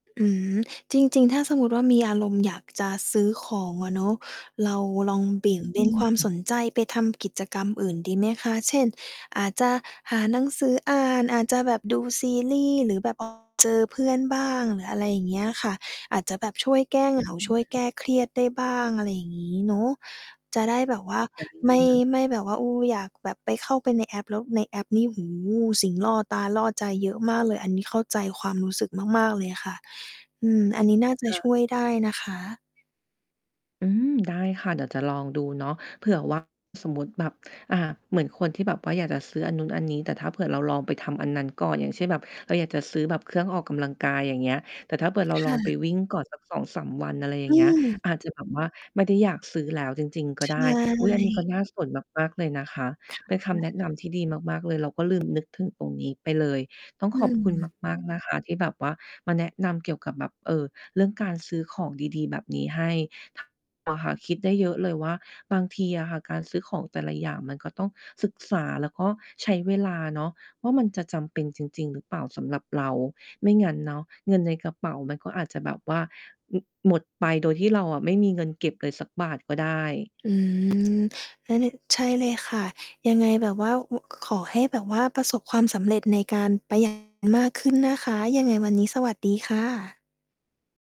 อืม จริง ๆ ถ้าสมมุติว่า มีอารมณ์อยากจะซื้อของอะเนาะ เราลอง เบี่ยงเบอนความืม สนใจไปทำกิจกรรมอื่นดีไหมคะ เช่น อาจจะหาหนังสืออ่าน อาจจะแบบดูซีรีส์ หรือแบบ ออก เจอเพื่อนบ้าง หรืออะไรอย่างเงี้ยค่ะ อาจจะแบบช่วยแก้ เหงา อืช่วยแกม ้เครียดได้บ้าง อะไรอย่างงี้เนาะ จะได้แบบว่าคไม่ ่ะ ไม่แบบว่า เออ อยากแบบไปเข้าไปในแอป แล้วในแอปนี่ โอ้โฮ สิ่งล่อตาล่อใจเยอะมากเลย อันนี้เข้าใจความรู้สึกมาก ๆ เลยค่ะ อืม อันนี้น่าจคะ่ะ ช่วยได้นะคะ อืม ได้ค่ะ เดี๋ยวจะลองดูเนาะ เผื่อ ว่า สมมุติแบบ อ่า เหมือนคนที่แบบว่าอยากจะซื้ออันนู้นอันนี้ แต่ถ้าเผื่อเราลองไปทำอันนั้นก่อน อย่างเช่น แบบเราอยากจะซื้อแบบเครื่องออกกำลังกาย อย่างเงี้ย แต่ถ้าเผื่อเราคลอ่งไปะ วิ่งก่อนสัก 2-3 วัน อะไรอย่อาืงเงี้ย ม อาจจะแบบว่าไม่ได้อยากซื้อแล้วจริง ๆ ก็ใชได้ อุ๊ย อันนี้ก็่ น่าสนมาก ๆ เลยนะคะ ค่เป็นคำแนะ ะนำที่ดีมาก ๆ เลยเราก็ลืม นึกถึงตรงนี้ไปเลย ต้องอขอบคุณืม มาก ๆ นะคะ ที่แบบว่ามาแนะนำเกี่ยวกับแบบ เอ่อ เรื่องการซื้อของดี ๆ แบบนี้ให้ ทาง เราค่ะ คิดได้เยอะเลยว่า บางทีอะค่ะการซื้อของแต่ละอย่าง มันก็ต้องศึกษาแล้วก็ใช้เวลาเนาะ ว่ามันจะจำเป็นจริง ๆ หรือเปล่าสำหรับเรา ไม่งั้นเนาะเงินในกระเป๋ามันก็อาจจะแบบว่า อ หมดไปโดยที่เราอะไม่มีเงินเก็บเลยสักบาทก็ได้ อืม แล้วนี่ ใช่เลยค่ะ ยังไงแบบว่า ว ขอให้แบบว่าประสบความสำเร็จในการ ประ หยัดมากขึ้นนะคะ ยังไงวันนี้สวัสดีค่ะ